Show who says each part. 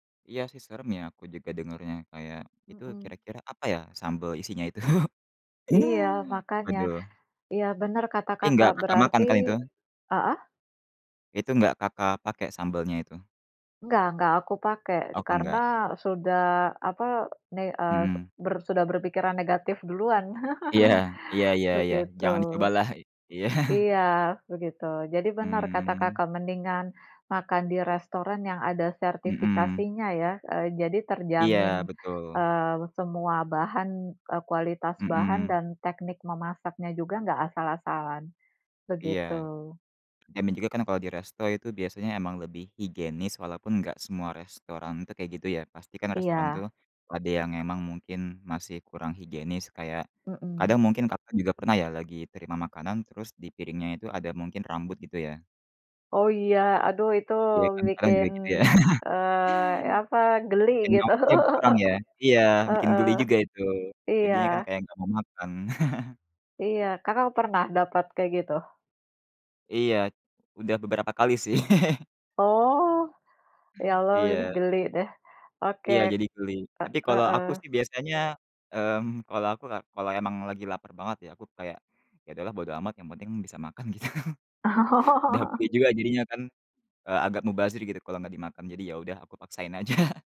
Speaker 1: Iya sih, serem ya, aku juga dengernya. Kayak, "Itu,
Speaker 2: Mhm.
Speaker 1: kira-kira, apa ya, sambel, isinya itu?"
Speaker 2: Iya, makanya.
Speaker 1: Waduh.
Speaker 2: Iya, benar kata
Speaker 1: Tapi,
Speaker 2: Kakak,
Speaker 1: nggak Kakak makan
Speaker 2: berarti
Speaker 1: kan, itu?
Speaker 2: heeh?
Speaker 1: Itu, nggak Kakak pakai sambelnya, itu?
Speaker 2: Enggak enggak aku pakai.
Speaker 1: Oh
Speaker 2: Karena
Speaker 1: enggak.
Speaker 2: sudah, apa, ne eee,
Speaker 1: Mhm.
Speaker 2: ber sudah berpikiran negatif duluan,
Speaker 1: Iya, iya iya iya,
Speaker 2: begitu.
Speaker 1: jangan dicobalah. I iya.
Speaker 2: Iya, begitu. Jadi, benar kata
Speaker 1: Hmm.
Speaker 2: Kakak mendingan makan di restoran yang ada
Speaker 1: Mhm.
Speaker 2: sertifikasinya ya, eee, jadi
Speaker 1: Iya,
Speaker 2: terjamin,
Speaker 1: betul.
Speaker 2: eee, semua bahan, eee, kualitas bahan
Speaker 1: Mhm.
Speaker 2: dan teknik memasaknya juga enggak asal-asalan,
Speaker 1: Iya.
Speaker 2: begitu.
Speaker 1: Dan na juga kan, kalau di resto itu biasanya emang lebih higienis, walaupun gak semua restoran, itu, kayak gitu ya, pasti kan restoran tuh,
Speaker 2: Iya.
Speaker 1: ada yang emang mungkin masih kurang higienis kayak
Speaker 2: Mmm.
Speaker 1: kadang mungkin Kakak juga pernah ya, lagi terima makanan terus di piringnya itu, ada, mungkin rambut gitu ya?
Speaker 2: Oh iya, aduh itu
Speaker 1: Iya kan, kadang
Speaker 2: bikin,
Speaker 1: juga, gitu ya?
Speaker 2: eee, apa, geli
Speaker 1: Kayak
Speaker 2: gitu.
Speaker 1: nafsunya berkurang ya? Iya, bikin
Speaker 2: Heeh,
Speaker 1: geli juga itu.
Speaker 2: iya.
Speaker 1: Jadinya kan, kayak, gak mau makan.
Speaker 2: Iya, Kakak pernah dapat kayak gitu?
Speaker 1: Iya, udah beberapa kali sih.
Speaker 2: Oh, ya Allah
Speaker 1: Iya.
Speaker 2: geli deh. Oke,
Speaker 1: Iya, jadi geli.
Speaker 2: eee,
Speaker 1: Tapi, kalau aku
Speaker 2: heeh.
Speaker 1: sih biasanya, mmm, kalau aku ka kalau emang lagi lapar banget ya, aku kayak "Ya udahlah bodo amat yang penting bisa makan," gitu. Udah pulih
Speaker 2: Oh.
Speaker 1: juga jadinya kan, eee, agak mubazir gitu kalau gak dimakan. Jadi, ya udah, aku paksain aja.